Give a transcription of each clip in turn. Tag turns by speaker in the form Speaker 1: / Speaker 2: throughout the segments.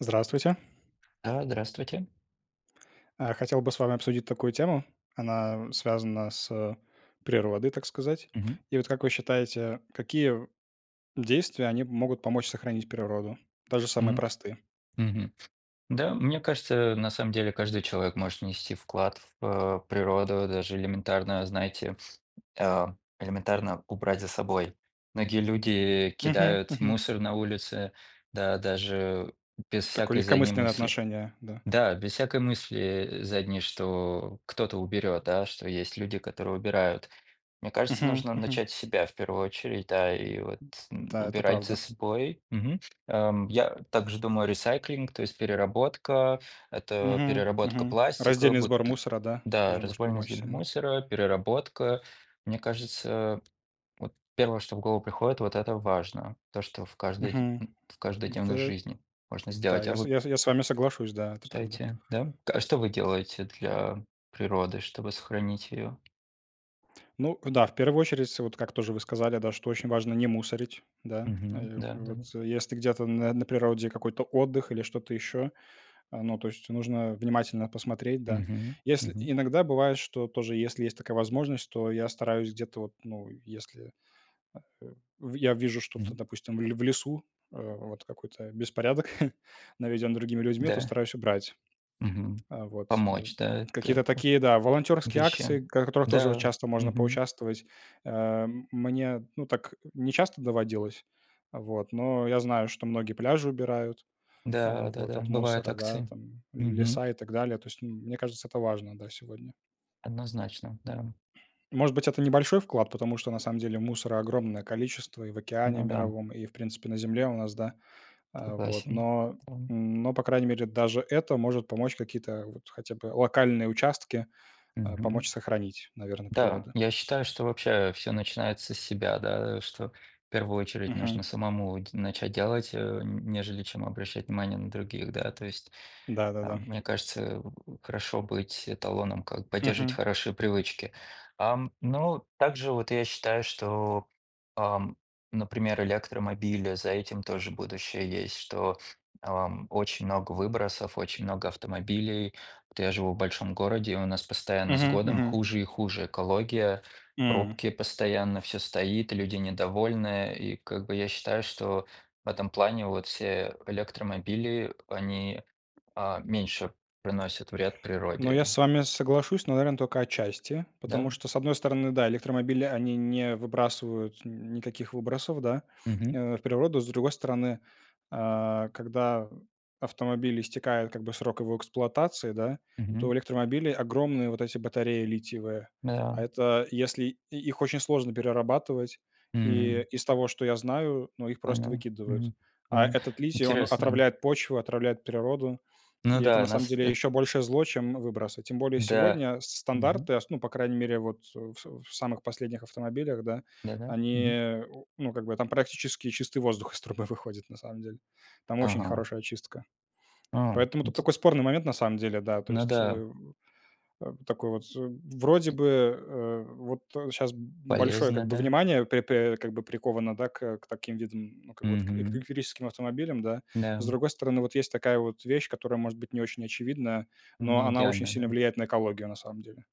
Speaker 1: уЗдравствуйте.
Speaker 2: А, здравствуйте.
Speaker 1: А, хотел бы с вами обсудить такую тему, она связана с, э, природой, так сказать.
Speaker 2: Мгм.
Speaker 1: И вот, как вы считаете, какие в действия они могут помочь сохранить природу, даже самые
Speaker 2: Мгм,
Speaker 1: простые?
Speaker 2: мгм. Да, мне кажется, э, на самом деле, каждый человек может внести вклад в п природу, даже элементарно, знаете, а, элементарно убрать за собой. Многие люди
Speaker 1: Мгм,
Speaker 2: кидают
Speaker 1: мгм.
Speaker 2: мусор на улице, да даже без
Speaker 1: Такое
Speaker 2: всякой задней
Speaker 1: легкомысленное
Speaker 2: мысли.
Speaker 1: отношение, да.
Speaker 2: Да, без всякой мысли, э, задней, что кто-то уберет, да, что есть люди, которые убирают. Мне кажется,
Speaker 1: Мгм,
Speaker 2: нужно
Speaker 1: мгм.
Speaker 2: начать с себя в первую очередь, да, и вот н
Speaker 1: Да, это
Speaker 2: убирать за
Speaker 1: правда.
Speaker 2: собой. Мгм, эм, я также думаю, recycling, то есть переработка, это
Speaker 1: Мгм,
Speaker 2: переработка
Speaker 1: мгм.
Speaker 2: пластика,
Speaker 1: Раздельный сбор
Speaker 2: буты
Speaker 1: мусора, да,
Speaker 2: да,
Speaker 1: тоже может
Speaker 2: разболь
Speaker 1: помочь
Speaker 2: раздельно
Speaker 1: сильно.
Speaker 2: мусора, переработка. Мне кажется, вот 1, что в голову приходит, вот это важно, то, что в каждой
Speaker 1: Мгм,
Speaker 2: м в каждодневной
Speaker 1: да.
Speaker 2: жизни можно
Speaker 1: Да,
Speaker 2: сделать. А
Speaker 1: я с
Speaker 2: вот.
Speaker 1: я с я с вами соглашусь, да, это правда.
Speaker 2: Считаете, да? К а что вы делаете для природы, чтобы сохранить её?
Speaker 1: Ну да. В первую очередь, с вот, как тоже вы сказали, да, что очень важно не мусорить, да,
Speaker 2: Мгм,
Speaker 1: э,
Speaker 2: да, да.
Speaker 1: вот. Если где-то на на природе какой-то отдых или что-то ещё, а, ну, то есть нужно внимательно посмотреть, да.
Speaker 2: Мгм,
Speaker 1: Если
Speaker 2: мгм.
Speaker 1: иногда бывает, что тоже, если есть такая возможность, то я стараюсь где-то вот, ну, если, э, в я вижу что-то,
Speaker 2: Мгм.
Speaker 1: допустим, в ле в лесу, а, вот какой-то беспорядок наведён другими людьми, то
Speaker 2: Да.
Speaker 1: стараюсь убрать.
Speaker 2: Мгм.
Speaker 1: А, вот, э,
Speaker 2: Помочь, да, это
Speaker 1: какие-то
Speaker 2: ку
Speaker 1: такие, да, волонтёрские акции,
Speaker 2: вещам.
Speaker 1: к в которых тоже вот
Speaker 2: Да.
Speaker 1: часто можно
Speaker 2: Мгм.
Speaker 1: поучаствовать, ам, мне, ну, так не часто доводилось вот, но я знаю, что многие пляжи убирают, а,
Speaker 2: Да, да,
Speaker 1: вот,
Speaker 2: да,
Speaker 1: от
Speaker 2: бывают
Speaker 1: мусора, да,
Speaker 2: акции.
Speaker 1: там,
Speaker 2: Мгм.
Speaker 1: леса и так далее, то есть, м мне кажется, это важно, да, сегодня.
Speaker 2: Однозначно. Да.
Speaker 1: Может быть, это небольшой вклад, потому что на самом деле мусора огромное количество и в океане
Speaker 2: Ну да.
Speaker 1: мировом, и, в принципе, на земле у нас, да, а, вот.
Speaker 2: Согласен,
Speaker 1: Но
Speaker 2: да.
Speaker 1: но, по крайней мере, даже это может помочь какие-то, вот, хотя бы локальные участки, а,
Speaker 2: Мгм.
Speaker 1: помочь сохранить, наверно,
Speaker 2: Да,
Speaker 1: природу.
Speaker 2: я считаю, что вообще всё начинается с себя, да, что в первую очередь нужно
Speaker 1: Мгм.
Speaker 2: самому дь начать делать, э, н нежели чем обращать внимание на других, да. То есть,
Speaker 1: Да, да,
Speaker 2: а,
Speaker 1: да.
Speaker 2: мне кажется, в хорошо быть эталоном, как поддерживать
Speaker 1: Мгм.
Speaker 2: хорошие привычки. Ам, но также вот я считаю, что, ам, например, электромобили, за этим тоже будущее есть, что, ам, очень много выбросов, очень много автомобилей. Вот я живу в большом городе, и у нас постоянно с
Speaker 1: Мгм,
Speaker 2: годом
Speaker 1: мгм.
Speaker 2: хуже и хуже экология,
Speaker 1: М.
Speaker 2: пробки постоянно, всё стоит, люди недовольны, и, как бы, я считаю, что в этом плане вот все электромобили, они, а, меньше приносят вред
Speaker 1: Ну, я
Speaker 2: природе.
Speaker 1: с вами соглашусь, но, наверно, тока отчасти,
Speaker 2: Да,
Speaker 1: потому
Speaker 2: м?
Speaker 1: что, с одной стороны, да, электромобили, они не выбрасывают н никаких выбросов, да,
Speaker 2: Мгм.
Speaker 1: в природу. С другой стороны, а когда в автомобиле истекает, как бы, срок его эксплуатации, да, то в
Speaker 2: Мгм.
Speaker 1: электромобиле огромные вот эти батареи литиевые. А
Speaker 2: Да.
Speaker 1: это, если и их очень сложно перерабатывать, и,
Speaker 2: Мгм.
Speaker 1: из того, что я знаю, ну, их просто
Speaker 2: Понял,
Speaker 1: выкидывают.
Speaker 2: мгм,
Speaker 1: А
Speaker 2: мгм,
Speaker 1: этот литий, он
Speaker 2: интересно. e
Speaker 1: отравляет почву, отравляет природу,
Speaker 2: Ну
Speaker 1: и это, на
Speaker 2: да,
Speaker 1: самом
Speaker 2: нас
Speaker 1: деле,
Speaker 2: эт
Speaker 1: ещё большее зло, чем выбросы. Тем более
Speaker 2: Да,
Speaker 1: сегодня с
Speaker 2: мгм.
Speaker 1: стандарты, а с ну, по крайней мере, вот, э, в в самых последних автомобилях, да,
Speaker 2: Да-да, мгм.
Speaker 1: они, у ну, как бы, там практически чистый воздух из трубы выходит, на самом деле. Там очень
Speaker 2: Ага.
Speaker 1: хорошая очистка.
Speaker 2: А,
Speaker 1: Поэтому тут
Speaker 2: инте
Speaker 1: такой спорный момент, на самом деле, да, то
Speaker 2: Ну
Speaker 1: есть.
Speaker 2: да.
Speaker 1: Э, э, такой вот, вроде
Speaker 2: e
Speaker 1: бы, э, вот щас б большое,
Speaker 2: Полезно,
Speaker 1: как бы,
Speaker 2: да.
Speaker 1: внимание пэ пэ как бы приковано, да, к, э, к таким видам, ну, как бы, вот к к
Speaker 2: Мгм.
Speaker 1: электрическим автомобилям, да. С
Speaker 2: Да-м.
Speaker 1: другой стороны, вот, есть такая вот вещь, которая, может быть, не очень очевидная, но она очень
Speaker 2: Неидеальная,
Speaker 1: сильно
Speaker 2: да.
Speaker 1: влияет на экологию, на самом деле.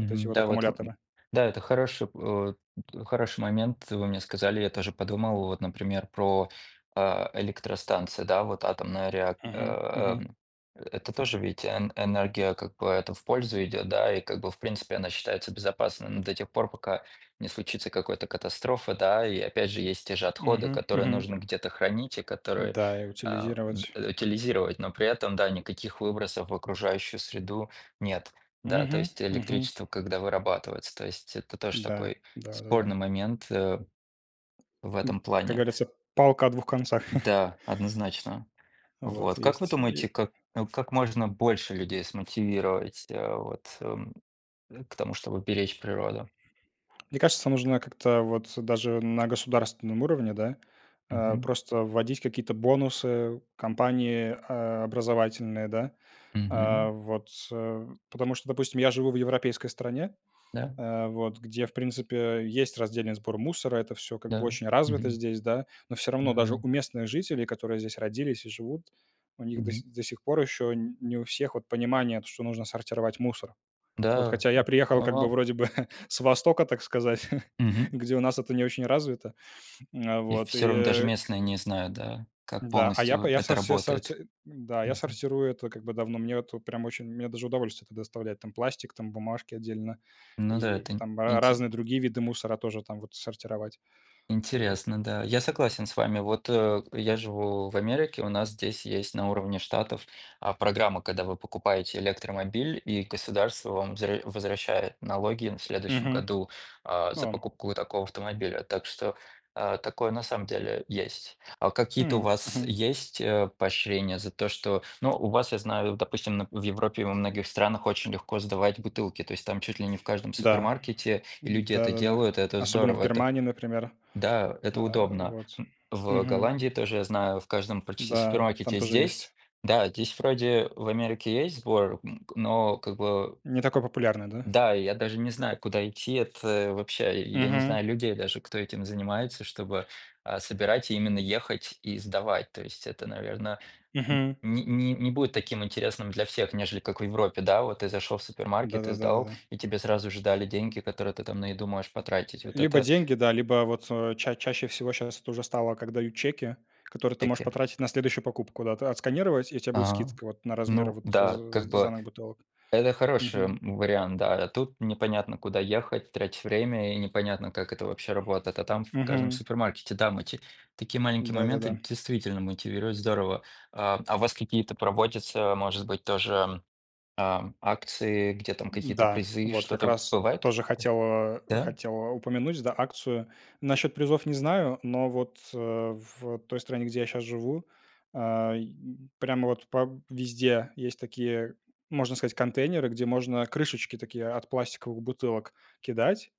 Speaker 1: Вот эти вот
Speaker 2: Да, вот в
Speaker 1: аккумуляторы.
Speaker 2: да, это хороший от хороший момент, вы мне сказали, я тоже подумал, вот, например, про, а, электростанции, да. Вот атомная реак
Speaker 1: Мгм, мгм.
Speaker 2: ам. Это тоже ведь эн энергия, как бы, это в пользу идет, да, и, как бы, в принципе, она считается безопасной, ну, до тех пор, пока не случится какой-то катастрофы, да. И, опять же, есть те же отходы,
Speaker 1: Мгм,
Speaker 2: которые
Speaker 1: мгм.
Speaker 2: нужно где-то хранить и которые,
Speaker 1: Да, и
Speaker 2: а, д
Speaker 1: утилизировать.
Speaker 2: утилизировать, но при этом, да, никаких выбросов в окружающую среду нет, да. То
Speaker 1: Мгм,
Speaker 2: есть
Speaker 1: мгм.
Speaker 2: электричество когда вырабатывается, то есть это тоже
Speaker 1: Да,
Speaker 2: такой
Speaker 1: да, да, да.
Speaker 2: спорный момент, э, в
Speaker 1: М,
Speaker 2: этом
Speaker 1: как
Speaker 2: плане.
Speaker 1: говорится, палка о двух концах.
Speaker 2: Да, однозначно,
Speaker 1: Вот
Speaker 2: вот. Как вы
Speaker 1: есть е
Speaker 2: думаете, как, э, как можно больше людей смотивировать, а, вот, эм, к тому, чтобы беречь природу?
Speaker 1: Мне кажется, нужно как-то вот даже на государственном уровне, да, а,
Speaker 2: Мгм.
Speaker 1: просто вводить какие-то бонусы, компании, а, образовательные, да. А
Speaker 2: Мгм.
Speaker 1: вот, э, потому что, допустим, я живу в европейской стране,
Speaker 2: Да.
Speaker 1: а вот, где, в принципе, есть раздельный сбор мусора, это всё как бы
Speaker 2: Да,
Speaker 1: очень развито
Speaker 2: мгм.
Speaker 1: здесь, да, но всё равно даже
Speaker 2: Да.
Speaker 1: у местных жителей, которые здесь родились и живут, у них до си
Speaker 2: Мгм.
Speaker 1: до сих пор еще н не у всех вот понимание то, что нужно сортировать мусор. Вот
Speaker 2: Да,
Speaker 1: хотя я приехал
Speaker 2: а,
Speaker 1: как бы
Speaker 2: вау.
Speaker 1: вроде бы с востока, так сказать,
Speaker 2: Мгм.
Speaker 1: где у нас это не очень развито. А
Speaker 2: И
Speaker 1: вот
Speaker 2: всё равно даже
Speaker 1: и
Speaker 2: местные не знают, да, как
Speaker 1: Да, а я по
Speaker 2: полностью
Speaker 1: я со
Speaker 2: это
Speaker 1: со
Speaker 2: работает.
Speaker 1: сорти да, я
Speaker 2: Мгм.
Speaker 1: сортирую это как бы давно. Мне вот прям очень, мне даже удовольствие это доставляет: там пластик, там бумажки отдельно,
Speaker 2: Ну да,
Speaker 1: и
Speaker 2: это
Speaker 1: в
Speaker 2: ин
Speaker 1: там ра
Speaker 2: инте
Speaker 1: разные
Speaker 2: e
Speaker 1: другие виды мусора тоже там вот сортировать, вот.
Speaker 2: Интересно, да. Я согласен с вами. Вот, э, я живу в Америке, у нас здесь есть на уровне штатов, а, программа, когда вы покупаете электромобиль и государство вам возвра возвращает налоги, н в следующем
Speaker 1: Мгм,
Speaker 2: году, а, за
Speaker 1: а.
Speaker 2: покупку такого автомобиля, так что, а, такое на самом деле есть. А какие-то у
Speaker 1: М,
Speaker 2: вас
Speaker 1: мгм.
Speaker 2: есть, э, поощрения за то, что Ну, у вас, я знаю, допустим, на в Европе и во многих странах очень легко сдавать бутылки, то есть там чуть ли не в каждом
Speaker 1: Да.
Speaker 2: супермаркете люди это
Speaker 1: Да-да-да.
Speaker 2: делают, это
Speaker 1: Особенно в
Speaker 2: здорово, это.
Speaker 1: Германии, например.
Speaker 2: Да, это
Speaker 1: А,
Speaker 2: удобно,
Speaker 1: вот,
Speaker 2: м. В, э,
Speaker 1: мгм.
Speaker 2: Голландии тоже, я знаю, в каждом практически
Speaker 1: Да, там
Speaker 2: супермаркете.
Speaker 1: тоже есть.
Speaker 2: Здесь? Да, здесь вроде в Америке есть сбор, м, но как бы
Speaker 1: Не такой популярный, да?
Speaker 2: Да, и я даже не знаю, куда идти. Это вообще, и я не
Speaker 1: Мгм.
Speaker 2: знаю людей даже, кто этим занимается, чтобы, а, собирать, именно ехать и сдавать. То есть это, наверно, н
Speaker 1: Мгм.
Speaker 2: не не не будет таким интересным для всех, нежели как в Европе. Да, вот ты зашел в
Speaker 1: Да,
Speaker 2: супермаркет и
Speaker 1: да, да, да,
Speaker 2: сдал,
Speaker 1: да.
Speaker 2: и тебе сразу же дали деньги, которые ты там на еду можешь потратить, вот
Speaker 1: Либо
Speaker 2: это.
Speaker 1: деньги, да, либо вот, э, ча чаще всего щас тоже стало, как дают чеки, которые ты можешь
Speaker 2: Таки.
Speaker 1: потратить на следующую покупку, да, отсканировать, и у тя будет
Speaker 2: А,
Speaker 1: скидка вот на размер
Speaker 2: ну
Speaker 1: вот з
Speaker 2: да, как
Speaker 1: з
Speaker 2: бы
Speaker 1: сданных бутылок.
Speaker 2: это хороший,
Speaker 1: Мгм.
Speaker 2: м, вариант. Да, тут непонятно, куда ехать, тратить время и непонятно, как это вообще работает. А там в каждом
Speaker 1: Мгм.
Speaker 2: супермаркете, там эти такие маленькие
Speaker 1: Да, да,
Speaker 2: моменты
Speaker 1: да.
Speaker 2: действительно мотивирует здорово. А, а у вас какие-то проводятся, может быть, тоже, а, акции, где там какие-то
Speaker 1: Да,
Speaker 2: призы,
Speaker 1: вот как
Speaker 2: что-то
Speaker 1: раз
Speaker 2: бывает,
Speaker 1: тоже хотел, а,
Speaker 2: да? Да?
Speaker 1: хотел, а, упомянуть, да, акцию. Насчёт призов не знаю, но вот, э, в той стране, где я щас живу, ай, прямо вот по везде есть такие, можно сказать, контейнеры, где можно крышечки такие от пластиковых бутылок кидать,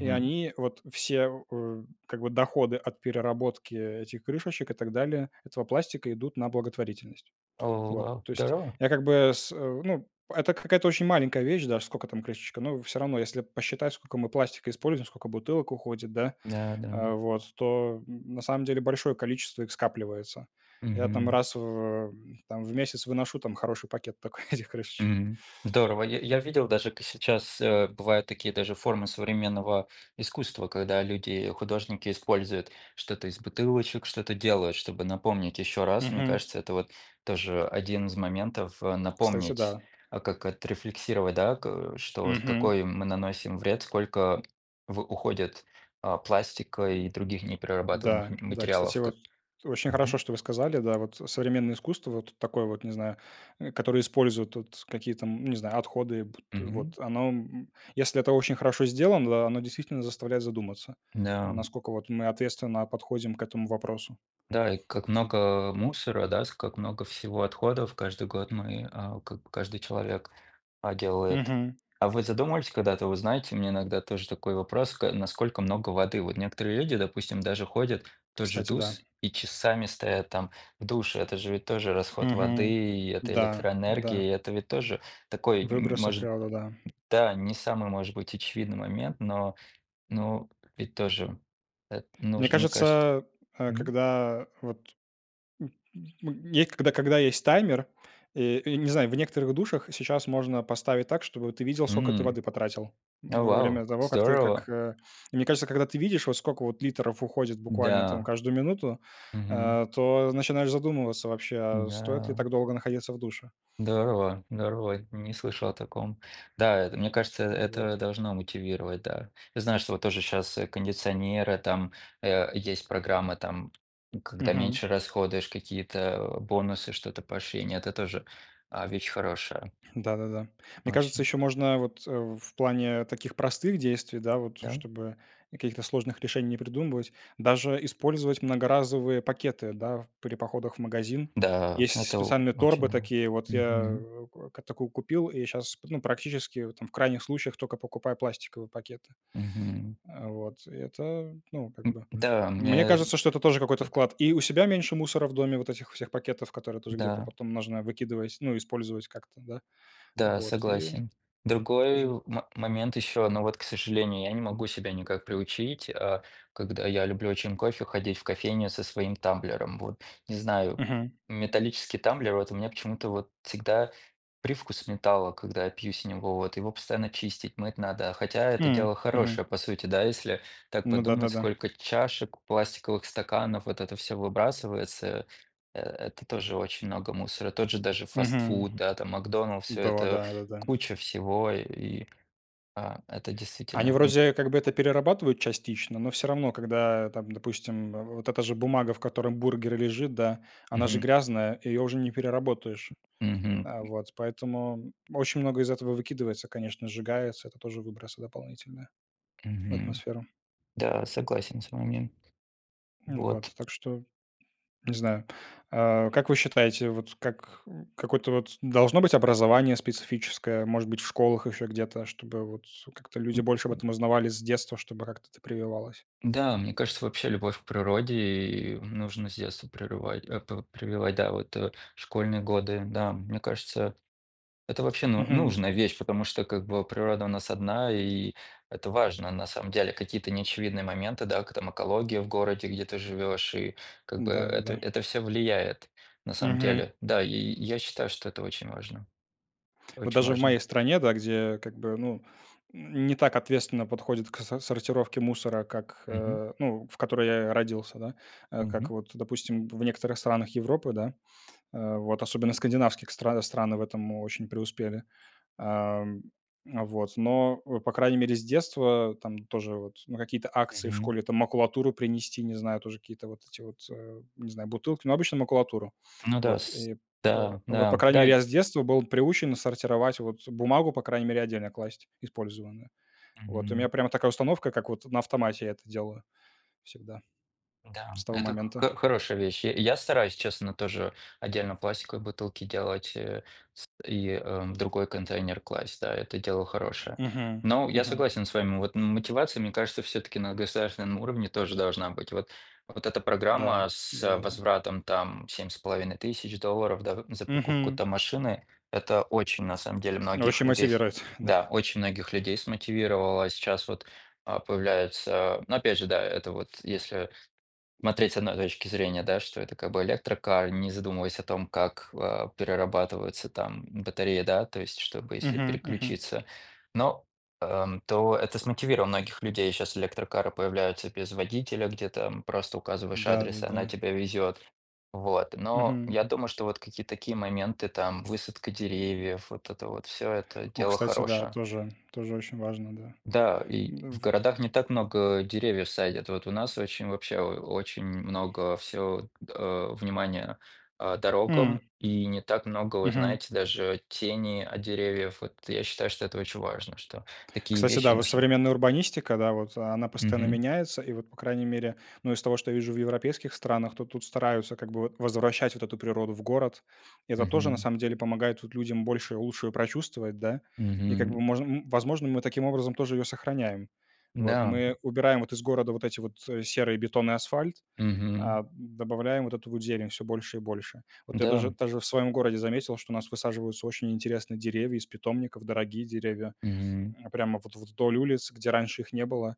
Speaker 1: и они вот все, э, как бы, доходы от переработки этих крышечек и так далее, этого пластика, идут на благотворительность.
Speaker 2: О,
Speaker 1: Вот,
Speaker 2: вау,
Speaker 1: то есть.
Speaker 2: здорово!
Speaker 1: Я, как бы, с ну. Это какая-то очень маленькая вещь, даже скока там крышечка, но всё равно, если посчитать, сколько мы пластика используем, сколько бутылок уходит, да,
Speaker 2: Да, да.
Speaker 1: а вот, то, н на самом деле большое количество их скапливается. Я там
Speaker 2: Мгм.
Speaker 1: раз в, э, там, в месяц выношу там хороший пакет тока этих крышечек.
Speaker 2: Мгм. Здорово! Я я видел даже, к сейчас, э, бывают такие даже формы современного искусства, когда люди-художники используют что-то из бутылочек, что-то делают, чтобы напомнить ещё раз. Мне
Speaker 1: Мгм.
Speaker 2: кажется, это вот тоже 1 из моментов, э,
Speaker 1: Кстати,
Speaker 2: напомнить,
Speaker 1: да.
Speaker 2: как отрефлексировать, да, ка что,
Speaker 1: Мгм.
Speaker 2: какой мы наносим вред, сколько в уходит, а, пластика и других неперерабатываемых
Speaker 1: Да,
Speaker 2: м
Speaker 1: да, кстати,
Speaker 2: материалов,
Speaker 1: вот,
Speaker 2: как
Speaker 1: очень
Speaker 2: Мгм.
Speaker 1: хорошо, что вы сказали, да, вот. Современное искусство, вот такое вот, не знаю, э, которое использует, вот, какие там, ну, не знаю, отходы, бут
Speaker 2: Мгм.
Speaker 1: вот оно, м Если это очень хорошо сделано, да, оно действительно заставляет задуматься,
Speaker 2: Да, м.
Speaker 1: наскока, вот, мы ответственно подходим к этому вопросу.
Speaker 2: Да, и как много мусора, да, с как много всего отходов каждый год мы, а, как каждый человек, а, делает.
Speaker 1: Мгм.
Speaker 2: А вы задумывались когда-то? Вы знаете, у меня иногда тоже такой вопрос: ка насколько много воды? Вот некоторые люди, допустим, даже ходят в тот же в
Speaker 1: Кстати, да.
Speaker 2: душ и часами стоят там в душе. Это же ведь тоже расход воды,
Speaker 1: Мгм,
Speaker 2: и это
Speaker 1: да, да.
Speaker 2: электроэнергии, это ведь тоже такой, м
Speaker 1: Выбросы в
Speaker 2: может,
Speaker 1: природу, да.
Speaker 2: да, не самый, может быть, очевидный момент, но но ведь тоже эт
Speaker 1: Мне
Speaker 2: нужно, мне кажется.
Speaker 1: кажется, а
Speaker 2: Мгм.
Speaker 1: когда вот м м мне, когда когда есть таймер, э, не знаю, в некоторых душах сейчас можно поставить так, чтобы ты видел, скока ты
Speaker 2: М.
Speaker 1: воды потратил
Speaker 2: О,
Speaker 1: во время
Speaker 2: вау,
Speaker 1: того, как ты как,
Speaker 2: здорово!
Speaker 1: э Мне кажется, когда ты видишь, вот скока вот литров уходит буквально там
Speaker 2: Да.
Speaker 1: каждую минуту,
Speaker 2: Мгм.
Speaker 1: а то начинаешь задумываться вообще, а стоит ли
Speaker 2: Да.
Speaker 1: так долго находиться в душе?
Speaker 2: Здорово здорово, не слышал о таком. Да, это, мне кажется, э,
Speaker 1: Н вот.
Speaker 2: это должно мотивировать, да. Я знаю, что вот тоже щас, э, кондиционеры, там, э, есть программа там, когда
Speaker 1: Мгм.
Speaker 2: меньше расходуешь, какие-то бонусы, что-то, поощрения. Это тоже, а, вещь хорошая.
Speaker 1: Да, да, да. Мне кажется,
Speaker 2: Очень.
Speaker 1: ещё можно, вот, э, в плане таких простых действий, да, вот,
Speaker 2: Да.
Speaker 1: чтобы каких-то сложных решений не придумывать, даже использовать многоразовые пакеты, да, в при походах в магазин.
Speaker 2: Да,
Speaker 1: Есть
Speaker 2: это
Speaker 1: специальные торбы
Speaker 2: очень Да,
Speaker 1: такие вот. Я
Speaker 2: мгм.
Speaker 1: как такую купил и щас, п ну, практически, вот там, в крайних случаях, тока покупаю пластиковые пакеты.
Speaker 2: Мгм.
Speaker 1: Э, вот. Это, ну, как бы,
Speaker 2: М-да,
Speaker 1: мне
Speaker 2: мне т
Speaker 1: кажется, что это тоже какой-то
Speaker 2: как.
Speaker 1: вклад. И у себя меньше мусора в доме, вот этих всех пакетов, которые тоже где-то
Speaker 2: Да.
Speaker 1: потом нужно выкидывать, ну, использовать как-то, да.
Speaker 2: Да,
Speaker 1: Вот и
Speaker 2: согласен. Другой
Speaker 1: тоже.
Speaker 2: мо момент еще. Ну, вот, к сожалению, я не могу себя никак приучить, а, когда я люблю очень кофе, ходить в кофейню со своим тамблером, вот. Не знаю,
Speaker 1: Мгм.
Speaker 2: металлический тамблер, вот у меня почему-то, вот, всегда привкус металла, когда я пью с него. Вот его постоянно чистить, мыть надо, хотя это дело
Speaker 1: М, мгм.
Speaker 2: хорошее, по сути, да. Если так
Speaker 1: Ну да, да,
Speaker 2: подумать,
Speaker 1: да.
Speaker 2: сколько чашек, пластиковых стаканов, вот это всё выбрасывается, э это тоже очень много мусора. Тот же даже
Speaker 1: Мгм.
Speaker 2: фастфуд, да, там "Макдоналдс", всё
Speaker 1: До,
Speaker 2: это
Speaker 1: да, да, да.
Speaker 2: куча всего. И, а, это
Speaker 1: Они
Speaker 2: действительно н
Speaker 1: вроде как бы это перерабатывают частично, но всё равно, когда там, допустим, вот эта же бумага, в которой бургер лежит, да, она же
Speaker 2: Мгм.
Speaker 1: грязная, её уже не переработаешь.
Speaker 2: Мгм.
Speaker 1: А, вот поэтому очень много из этого выкидывается, конечно, сжигается, это тоже выбросы дополнительные в
Speaker 2: Мгм,
Speaker 1: атмосферу.
Speaker 2: да, согласен с вами.
Speaker 1: М, вот
Speaker 2: Вот.
Speaker 1: так что. Не знаю. А как вы считаете, вот как какое-то вот должно быть образование специфическое, может быть, в школах ещё где-то, чтобы вот как-то люди
Speaker 2: М
Speaker 1: больше об
Speaker 2: м.
Speaker 1: этом узнавали с детства, чтобы как-то это прививалось?
Speaker 2: Да, мне кажется, вообще, любовь к природе нужно с детства прерывать э, пр прививать. Да, вот, э, школьные годы, да, мне кажется, это вообще ну
Speaker 1: Мгм.
Speaker 2: нужная вещь, потому что, как бы, природа у нас одна, и это важно, на самом деле, какие-то неочевидные моменты, да, к там экология в городе, где ты живешь, и, как бы,
Speaker 1: Да, да,
Speaker 2: это
Speaker 1: да.
Speaker 2: это всё влияет, на самом
Speaker 1: Мгм.
Speaker 2: деле. Да, и и я считаю, что это очень важно,
Speaker 1: Вот
Speaker 2: очень
Speaker 1: даже в
Speaker 2: важно.
Speaker 1: моей стране, да, где, как бы, ну, не так ответственно подходят к со сортировке мусора, как,
Speaker 2: Мгм.
Speaker 1: а, ну, в которой я родился, да, э, как
Speaker 2: Мгм.
Speaker 1: вот, допустим, в некоторых странах Европы, да. А вот особенно скандинавских стран страны в этом очень преуспели. Ам, а вот. Но, по крайней мере, с детства там тоже вот на какие-то акции в
Speaker 2: Мгм.
Speaker 1: школе там макулатуру принести, не знаю, тоже какие-то вот эти вот, э, не знаю, бутылки, ну, обычно макулатуру.
Speaker 2: Ну да,
Speaker 1: Вот
Speaker 2: с
Speaker 1: и пэ
Speaker 2: Да,
Speaker 1: вот, по
Speaker 2: да,
Speaker 1: крайней мере,
Speaker 2: дай.
Speaker 1: я с детства был приучен сортировать вот бумагу, по крайней мере, отдельно класть использованную. Вот у меня
Speaker 2: Мгм.
Speaker 1: прямо такая установка, как вот на автомате я это делаю всегда. С
Speaker 2: Да,
Speaker 1: того
Speaker 2: это
Speaker 1: момента.
Speaker 2: хо хорошая вещь. Я я стараюсь, честно, тоже отдельно пластиковые бутылки делать, э, с и, э, в другой контейнер класть. Да, это дело хорошее.
Speaker 1: Мгм,
Speaker 2: Но я
Speaker 1: мгм.
Speaker 2: согласен с вами. Вот мотивация, мне кажется, всё-таки на государственном уровне тоже должна быть. Вот вот эта
Speaker 1: Да.
Speaker 2: программа с, э,
Speaker 1: Да-да-да.
Speaker 2: возвратом там 7 500 долларов, да, как мы за покупку
Speaker 1: Мгм.
Speaker 2: там машины, это очень, на самом деле, многих
Speaker 1: Очень
Speaker 2: людей с
Speaker 1: мотивирует. Да.
Speaker 2: да, очень многих людей смотивировало. А сейчас вот, а, появляется, но опять же, да, это вот если смотреть с одной точки зрения, да, что это как бы электрокар, не задумываясь о том, как, а, перерабатываются там батареи, да, то есть чтобы если
Speaker 1: Мгм, мгм.
Speaker 2: переключиться. Но, ам, то это смотивировало многих людей. Щас электрокары появляются без водителя, где там просто указываешь
Speaker 1: Да, да,
Speaker 2: адрес, и она
Speaker 1: да.
Speaker 2: тебе везет, вот. Но
Speaker 1: Мгм.
Speaker 2: я думаю, что вот какие-то такие моменты, там высадка деревьев, вот это вот всё, это
Speaker 1: О,
Speaker 2: дело
Speaker 1: кстати, да,
Speaker 2: хорошее.
Speaker 1: тоже тоже очень важно, да,
Speaker 2: Да, и
Speaker 1: м,
Speaker 2: в
Speaker 1: в
Speaker 2: городах не так много деревьев садят. Вот у нас очень, вообще, о очень много всё, а, внимания, а,
Speaker 1: М.
Speaker 2: дорогам. И не так много, вы
Speaker 1: Мгм.
Speaker 2: знаете, даже тени от деревьев. Вот я считаю, что это очень важно, что такие
Speaker 1: Кстати,
Speaker 2: вещи
Speaker 1: да, вот
Speaker 2: нужны.
Speaker 1: современная урбанистика, да, вот она постоянно
Speaker 2: Мгм.
Speaker 1: меняется, и вот, по крайней мере, ну, из того, что я вижу в европейских странах, то тут стараются как бы вот возвращать вот эту природу в город. И это тоже, на
Speaker 2: Мгм.
Speaker 1: самом деле, помогает вот людям больше и лучше прочувствовать, да, и как бы
Speaker 2: Мгм.
Speaker 1: можно, м возможно, мы таким образом тоже её сохраняем, вот.
Speaker 2: Н-да.
Speaker 1: Мы убираем вот из города вот эти вот серые бетон и асфальт,
Speaker 2: Мгм.
Speaker 1: а, добавляем вот эту вот зелень всё больше и больше. Вот я даже
Speaker 2: Да.
Speaker 1: даже в своём городе заметил, что у нас высаживаются очень интересные деревья из питомников, дорогие деревья,
Speaker 2: Мгм.
Speaker 1: э, прямо вот вдоль улиц, где раньше их не было,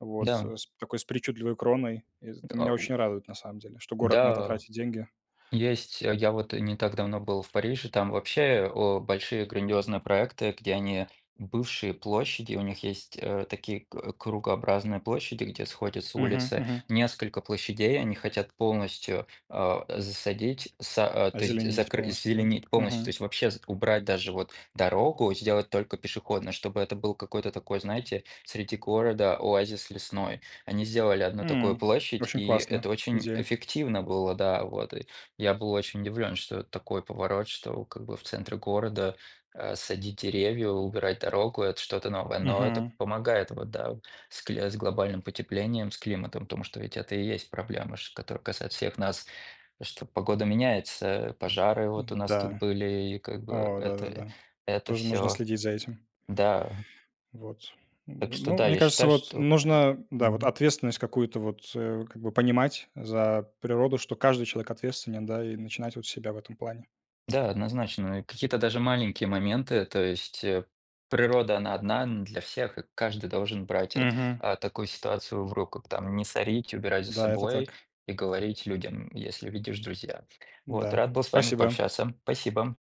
Speaker 1: вот с
Speaker 2: Да.
Speaker 1: с такой, с причудливой кроной.
Speaker 2: Т
Speaker 1: Это
Speaker 2: а
Speaker 1: меня
Speaker 2: у.
Speaker 1: очень радует, на самом деле, что город на это
Speaker 2: Да,
Speaker 1: тратит деньги.
Speaker 2: есть. А я вот не так давно был в Париже, там вообще о большие грандиозные проекты, где они бывшие площади, у них есть, э, такие к кругообразные площади, где сходятся
Speaker 1: Мгм,
Speaker 2: улицы.
Speaker 1: мгм.
Speaker 2: Несколько площадей они хотят полностью, а, засадить, са а, то есть,
Speaker 1: Озеленить
Speaker 2: закры
Speaker 1: полностью,
Speaker 2: зазеленить
Speaker 1: да?
Speaker 2: полностью, то
Speaker 1: Мгм.
Speaker 2: есть вообще убрать даже вот дорогу, сделать только пешеходную, чтобы это был какой-то такой, знаете, среди города оазис лесной. Они сделали 1 такую
Speaker 1: М,
Speaker 2: площадь,
Speaker 1: очень
Speaker 2: и это
Speaker 1: классно.
Speaker 2: очень
Speaker 1: Идея.
Speaker 2: эффективно было, да. Вот и я был очень удивлён, что такой поворот, что как бы в центре города, а, садить деревья, убирать дорогу- это что-то новое, но это п
Speaker 1: Мгм.
Speaker 2: помогает вот, да, с кли с глобальным потеплением, с климатом, потому что ведь это и есть проблемы, ш которые касаются всех нас, что погода меняется, пожары вот у нас тут
Speaker 1: М-да.
Speaker 2: были, и как бы
Speaker 1: А, да, да,
Speaker 2: это
Speaker 1: да.
Speaker 2: это
Speaker 1: Тоже нужно
Speaker 2: всё.
Speaker 1: следить за этим.
Speaker 2: Да.
Speaker 1: Вот.
Speaker 2: Так
Speaker 1: Ну
Speaker 2: что,
Speaker 1: ну,
Speaker 2: да,
Speaker 1: мне
Speaker 2: я
Speaker 1: кажется,
Speaker 2: считаю,
Speaker 1: вот,
Speaker 2: что
Speaker 1: нужно,
Speaker 2: м
Speaker 1: да, вот,
Speaker 2: мгм.
Speaker 1: ответственность какую-то, вот, э, как бы понимать за природу, что каждый человек ответственен, да, и начинать вот с себя в этом плане.
Speaker 2: Да, однозначно, и какие-то даже маленькие моменты, то есть, э, природа, она одна н для всех, и каждый должен брать а
Speaker 1: Мгм.
Speaker 2: а такую ситуацию в руку, там не сорить, убирать за
Speaker 1: Да, это
Speaker 2: собой
Speaker 1: так.
Speaker 2: и говорить людям, если видишь, друзья. Вот.
Speaker 1: Да,
Speaker 2: Рад был с вами
Speaker 1: спасибо.
Speaker 2: пообщаться, спасибо!